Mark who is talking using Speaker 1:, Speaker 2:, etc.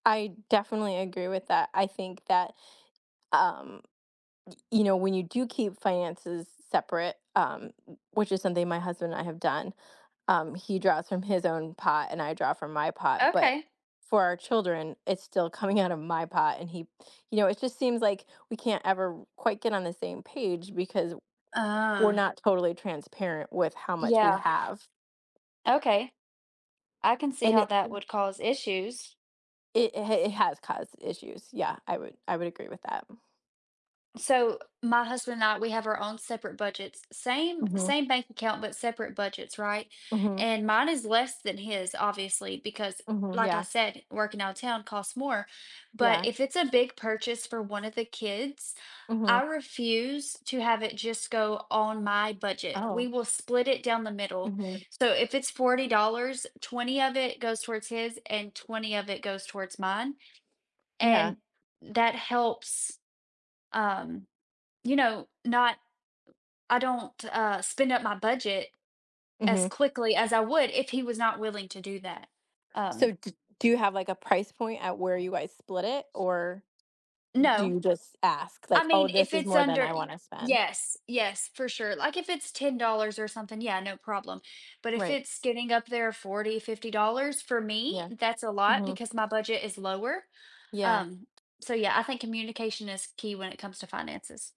Speaker 1: I definitely agree with that, I think that, um, y you know, when you do keep finances separate, um, wh which is something my husband and I have done, um, he draws from his own pot and I draw from my pot, but
Speaker 2: Okay.
Speaker 1: for our children, it's still coming outta my pot, and he you know, it just seems like we can't ever r quite get on the same page because w we're
Speaker 2: Uh.
Speaker 1: not totally transparent with how much we
Speaker 2: Yeah.
Speaker 1: have.
Speaker 2: Okay. I can see
Speaker 1: And
Speaker 2: how
Speaker 1: it
Speaker 2: that would cause issues.
Speaker 1: it ha it has caused issues, yeah, I would I would agree with that.
Speaker 2: So, my husband and I, we have our own separate budgets. Same
Speaker 1: Mhm.
Speaker 2: same bank account, but separate budgets, right?
Speaker 1: Mhm.
Speaker 2: And mine is less than his, obviously, because,
Speaker 1: Mhm,
Speaker 2: like I
Speaker 1: yeah.
Speaker 2: said, working outta town costs more, but
Speaker 1: Yeah.
Speaker 2: if it's a big purchase for 1 of the kids,
Speaker 1: Mhm.
Speaker 2: I refuse to have it just go on my budget, we
Speaker 1: Oh.
Speaker 2: will split it down the middle,
Speaker 1: Mhm.
Speaker 2: so if it's $40, 20 of it goes towards his and 20 of it goes towards mine,
Speaker 1: Yeah.
Speaker 2: and that helps, um, you know, not I don't, uh, spend up my budget as
Speaker 1: Mhm.
Speaker 2: quickly as I would if he was not willing to do that,
Speaker 1: So
Speaker 2: um
Speaker 1: d do you have, like, a price point at where you guys split it, or do
Speaker 2: No.
Speaker 1: you just ask,
Speaker 2: I
Speaker 1: like, "Oh,
Speaker 2: mean, if
Speaker 1: this is
Speaker 2: it's
Speaker 1: more than
Speaker 2: under
Speaker 1: I
Speaker 2: Y
Speaker 1: wanna spend?"
Speaker 2: yes, yes, for sure, like if it's $10 or something, yeah, no problem but if
Speaker 1: Right.
Speaker 2: it's getting up there, 40, $50, for me,
Speaker 1: Yeah,
Speaker 2: that's a lot
Speaker 1: mhm.
Speaker 2: because my budget is lower,
Speaker 1: Yeah.
Speaker 2: um, so, yeah, I think communication is key when it comes to finances.